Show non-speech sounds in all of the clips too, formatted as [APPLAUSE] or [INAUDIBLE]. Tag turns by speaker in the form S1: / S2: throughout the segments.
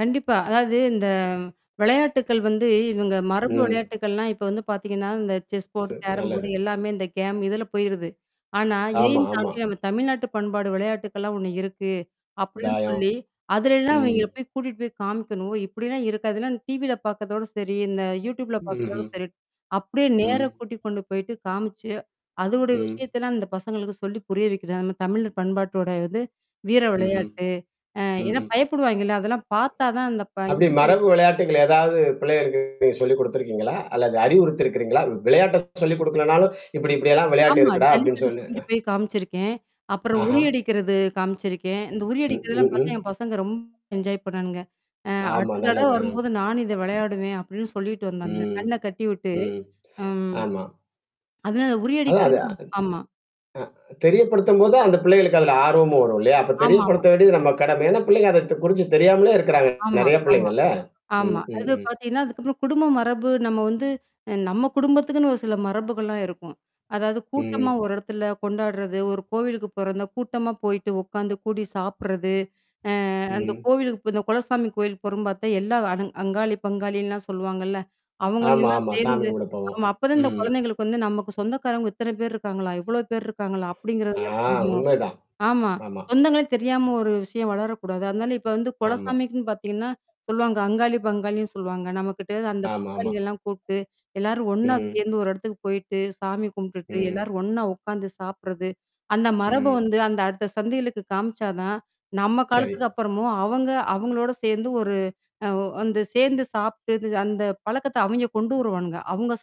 S1: கண்டிப்பா, அதாவது இந்த விளையாட்டுக்கள் வந்து இவங்க மரபு
S2: ம்.
S1: விளையாட்டுக்கள்னா இப்ப வந்து பாத்தீங்கன்னா, இந்த செஸ் போர்ட்
S2: சரி,
S1: கேரம்
S2: நல்லது.
S1: போர்ட் எல்லாமே, இந்த கேம் இதுல போயிருது. ஆனா
S2: ஆமா,
S1: இதையும்
S2: ஆமா.
S1: தாண்டி நம்ம தமிழ்நாட்டு பண்பாடு விளையாட்டுகள்லாம் ஒண்ணு இருக்கு அப்படின்னு
S2: தாயம்.
S1: சொல்லி, அதுலல்லாம்
S2: ம்.
S1: இவங்கள போய் கூட்டிட்டு போய் காமிக்கணும். "ஓ! இப்படிலாம் இருக்கா?" இதெல்லாம் டிவில பாக்குறதோட சரி. இந்த யூடியூப்ல பாக்குறதோட
S2: ம்ஹ்ம்.
S1: சரி. அப்படியே நேர
S2: ம்.
S1: கூட்டி கொண்டு போயிட்டு காமிச்சு, அதனுடைய
S2: ம்.
S1: விஷயத்தலாம் இந்த பசங்களுக்கு சொல்லி புரிய வைக்கிறது. அந்த தமிழர் பண்பாட்டோட வந்து வீர
S2: ம்ஹ்ம்.
S1: விளையாட்டு. அ
S2: ம்,
S1: ஏன்னா
S2: ம்.
S1: பயப்படுவாய்ங்கல்ல. அதெல்லாம் பாத்தாதான் அந்த ப
S2: அப்படி
S1: [UNINTELLIGIBLE]
S2: மரபு விளையாட்டுகள் ஏதாவது பிள்ளைகளுக்கு நீங்க சொல்லிக் குடுத்திருக்கீங்களா? அல்லது அறிவுறுத்தி இருக்குறீங்களா, வி விளையாட்ட சொல்லிக் குடுக்கலனாலும், "இப்படி இப்படியெல்லாம் விளையாட்டு
S1: ஆமா,
S2: இருக்குடா." அப்படின்னு
S1: ஜல்லிக்கட்டு
S2: சொல்லு
S1: கூட்டிட்டு போய் காமிச்சிருக்கேன். அப்புறம்
S2: ஆஹா!
S1: உறியடிக்கிறது காமிச்சிருக்கேன். இந்த
S2: ம். ம்,
S1: உறியடிக்கிறதெல்லாம் பாத்தா
S2: ம்.
S1: என் பசங்க ரொம்ப என்ஜாய் பண்ணானுங்க. "அ
S2: ஆமா
S1: அடுத்த தடவ
S2: நல்லது. அ.
S1: வரும்போது நானும் இத விளையாடுவேன்." அப்படின்னு சொல்லிட்டு வந்தானுங்க.
S2: ம்.
S1: கண்ண கட்டிவிட்டு
S2: ம்.
S1: அம்
S2: ஆமா.
S1: அதுதான் அது
S2: நல்லது.
S1: உறியடிக்கிறதுன்னா
S2: அதான் அது
S1: ஆமா
S2: அ தெரியப்படுத்தும் போது தான் அந்த பிள்ளைகளுக்கு அதுல ஆர்வமும் வரும் இல்லையா? அப்ப
S1: ஆமாமா.
S2: தெரியப்படுத்த வேண்டியது நம்ம கடமை. ஏன்னா பிள்ளைங்க அதத் குறிச்சு தெரியாமலே இருக்குறாங்க
S1: ஆமா,
S2: நெறைய
S1: ஆமா.
S2: பிள்ளைங்க இல்ல. ம்.
S1: ஆமா.
S2: ம்.
S1: அது
S2: ம்.
S1: பாத்தீங்கன்னா அதுக்கப்புறம் குடும்ப மரபு நம்ம வந்து நம்ம
S2: [HUMMING]
S1: குடும்பத்துக்குன்னு ஒரு சில மரபுகள்லாம் இருக்கும். அதாவது கூட்டமா
S2: ம்.
S1: ஒரு இடத்துல கொண்டாடுறது, ஒரு கோவிலுக்கு போறதுன்னா கூட்டமா போயிட்டு உக்காந்து கூடி சாப்பிடுறது, அ அந்த
S2: ம்.
S1: கோவிலுக்கு இப்ப இந்த குலசாமி கோயில் போறோம்ன்னு பாத்தா, எல்லா அவ் அங்காளி, பங்காளில்லாம் சொல்லுவாங்கள்ல,
S2: ஆமா,
S1: அவங்களையெல்லாம்
S2: ஆமா. சாமி
S1: சேர்ந்து
S2: கும்புட போவோம்.
S1: ஆமா, அப்பதான் இந்தக்
S2: ம்.
S1: குழந்தைகளுக்கு வந்து, "நமக்கு சொந்தக்காரவங்க இத்தனை பேர் இருக்காங்களா? இவ்வளவு பேர் இருக்காங்களா?"
S2: ஆ
S1: அப்படிங்கறதெல்லாம் தெரியும்.
S2: உண்மைதான்.
S1: ஆமா,
S2: ஆமா.
S1: சொந்தங்களே தெரியாம ஒரு விஷயம் வளரக் கூடாது. அதனால இப்ப வந்து
S2: ஆமா.
S1: குலசாமிக்குன்னு பாத்தீங்கன்னா சொல்லுவாங்க, அங்காளி பங்காளின்னு சொல்லுவாங்க. நம்மகிட்டருந்து அந்த
S2: ஆமாமா.
S1: பங்காளிகள்லாம் கூப்புட்டு, எல்லாரும் ஒன்னா
S2: ம்.
S1: சேர்ந்து ஒரு இடத்துக்கு போயிட்டு, சாமி கும்பிட்டுட்டு
S2: ம்.
S1: எல்லாரும் ஒன்னா உக்காந்து சாப்பிடுறது, அந்த மரப
S2: ம்.
S1: வந்து அந்த அடுத்த சந்ததிகளுக்கு காமிச்சாதான், நம்ம
S2: சரி.
S1: காலத்துக்கு அப்புறமும் அவங்க அவங்களோட சேர்ந்து ஒரு அ வந்து சேர்ந்து சாப்பிட்டு, அந்த பழக்கத்த அவைங்க கொண்டு வருவானுங்க. அவங்க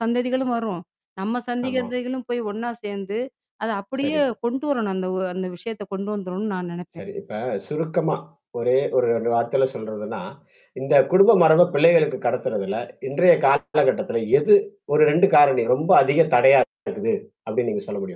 S2: ச
S1: சந்ததிகளும் வரும், நம்ம
S2: ஆமா.
S1: சந்ததிகளும் போய் ஒன்னா சேர்ந்து, அத அப்படியே
S2: சரி.
S1: கொண்டுவரணும், அந்த ஓ அந்த விஷயத்த கொண்டுவந்துரணும்ன்னு நான் நெனைப்பேன்.
S2: சரி, இப்ப சுருக்கமா ஒரே ஒரு 2 வார்த்தையில சொல்றதுன்னா, "இந்த குடும்ப மரபை பிள்ளைகளுக்கு கடத்துறதுல இன்றைய காலகட்டத்துல எது ஒரு 2 காரணி ரொம்ப அதிக தடையா இருக்கிறது?" அப்படின்னு நீங்க சொல்ல முடியுமா?